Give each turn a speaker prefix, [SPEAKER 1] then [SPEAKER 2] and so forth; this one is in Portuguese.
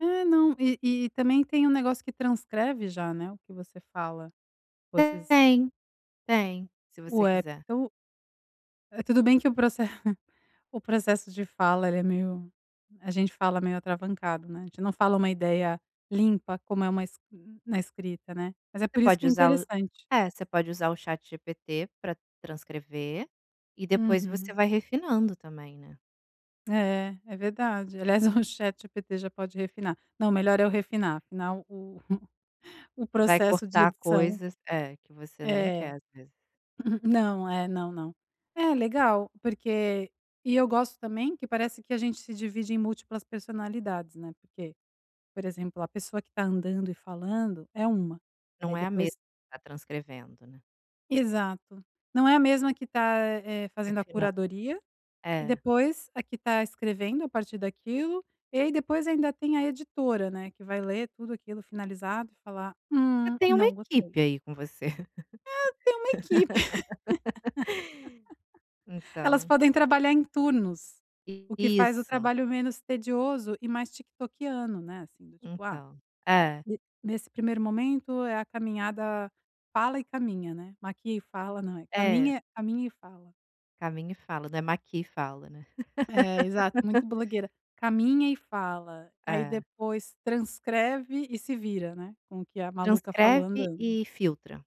[SPEAKER 1] É. Não, e e também tem um negócio que transcreve já, né, o que você fala, com
[SPEAKER 2] Até
[SPEAKER 1] esses
[SPEAKER 2] tem. Tem, se
[SPEAKER 1] O
[SPEAKER 2] você
[SPEAKER 1] app
[SPEAKER 2] quiser.
[SPEAKER 1] do Eh, tudo bem que o proce o processo de fala ele é meio a gente fala meio atravancado, né, a gente não fala uma ideia limpa como é uma esc na na escrita, né. Mas é
[SPEAKER 2] Você
[SPEAKER 1] por isso
[SPEAKER 2] pode
[SPEAKER 1] que é
[SPEAKER 2] usar o
[SPEAKER 1] interessante.
[SPEAKER 2] é, você pode usar o Chat GPT para transcrever e depois você
[SPEAKER 1] Uhum.
[SPEAKER 2] vai refinando também, né.
[SPEAKER 1] É, é verdade, aliás o Chat GPT já pode refinar não melhor eu refinar refinar o o
[SPEAKER 2] Vai
[SPEAKER 1] processo de
[SPEAKER 2] cortar
[SPEAKER 1] edição.
[SPEAKER 2] coisas é, que você nem
[SPEAKER 1] É.
[SPEAKER 2] quer, às vezes.
[SPEAKER 1] Não, é. Não, não. É, legal, porque e eu gosto também, que parece que a gente se divide em múltiplas personalidades, né, porque, por exemplo, a pessoa que tá andando e falando é uma,
[SPEAKER 2] Não
[SPEAKER 1] aí
[SPEAKER 2] é a mesma
[SPEAKER 1] depois
[SPEAKER 2] que tá transcrevendo, né.
[SPEAKER 1] Exato, não é a mesma que tá, eh, fazendo a
[SPEAKER 2] Refinando,
[SPEAKER 1] curadoria e
[SPEAKER 2] é.
[SPEAKER 1] depois a que está escrevendo a partir daquilo e aí depois ainda tem a editora, né, que vai ler tudo aquilo finalizado e falar:
[SPEAKER 2] Você
[SPEAKER 1] "Hum,
[SPEAKER 2] tem uma
[SPEAKER 1] não gostei".
[SPEAKER 2] equipe aí com você.
[SPEAKER 1] É, tem uma equipe, elas
[SPEAKER 2] Então
[SPEAKER 1] podem trabalhar em turnos,
[SPEAKER 2] I
[SPEAKER 1] o que faz o
[SPEAKER 2] isso.
[SPEAKER 1] trabalho menos tedioso e mais "tiktokiano", né, assim, do tipo, ah,
[SPEAKER 2] Então é.
[SPEAKER 1] ne nesse primeiro momento é a caminhada fala e caminha, né, maquia e fala não, é
[SPEAKER 2] É.
[SPEAKER 1] caminha caminha e fala.
[SPEAKER 2] Caminha e fala, não é maquia e fala, né.
[SPEAKER 1] É exato, muito blogueira. Caminha e fala, aí
[SPEAKER 2] É.
[SPEAKER 1] depois transcreve e se vira, né, com o que a maluca falou
[SPEAKER 2] Transcreve
[SPEAKER 1] andando.
[SPEAKER 2] e filtra.